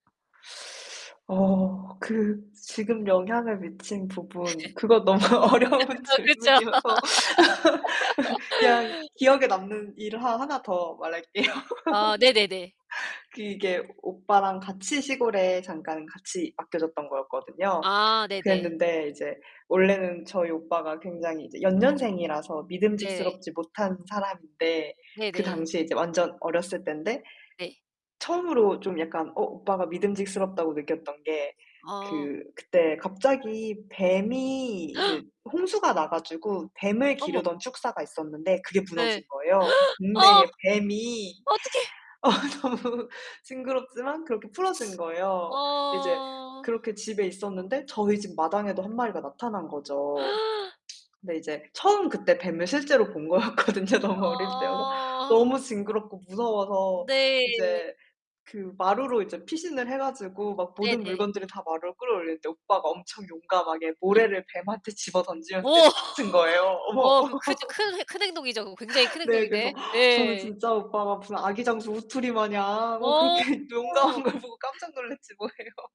어 그 지금 영향을 미친 부분. 네. 그건 너무 어려운 그쵸. 질문이어서 그냥 기억에 남는 일을 하 하나 더 말할게요. 아 네네네. 그게 오빠랑 같이 시골에 잠깐 같이 맡겨졌던 거였거든요. 아 네네. 그랬는데 이제 원래는 저희 오빠가 굉장히 이제 연년생이라서 네. 믿음직스럽지 못한 사람인데 그 네네. 당시에 이제 완전 어렸을 땐데 네. 처음으로 좀 약간 어 오빠가 믿음직스럽다고 느꼈던 게 그 어. 그때 갑자기 뱀이 그 홍수가 나 가지고 뱀을 어머. 기르던 축사가 있었는데 그게 네. 무너진 거예요. 그 어. 동네에 뱀이 어떡해? 어 너무 징그럽지만 그렇게 풀어진 거예요. 이제 어. 그렇게 집에 있었는데 저희 집 마당에도 1 마리가 나타난 거죠. 근데 이제 처음 그때 뱀을 실제로 본 거였거든요 너무 어릴 때여서. 어. 너무 징그럽고 무서워서 네. 이제 그 마루로 이제 피신을 해 가지고 막 모든 네네. 물건들을 다 마루로 끌어올리는데 오빠가 엄청 용감하게 모래를 뱀한테 집어 던지면서 오. 내쫓은 거예요. 어머. 어 그 크 큰 큰 행동이죠. 굉장히 큰 네, 그래서 행동인데 저는 예. 진짜 오빠가 무슨 아기 장수 우투리 마냥 뭐 그렇게 어. 용감한 걸 보고 깜짝 놀랐지 뭐예요.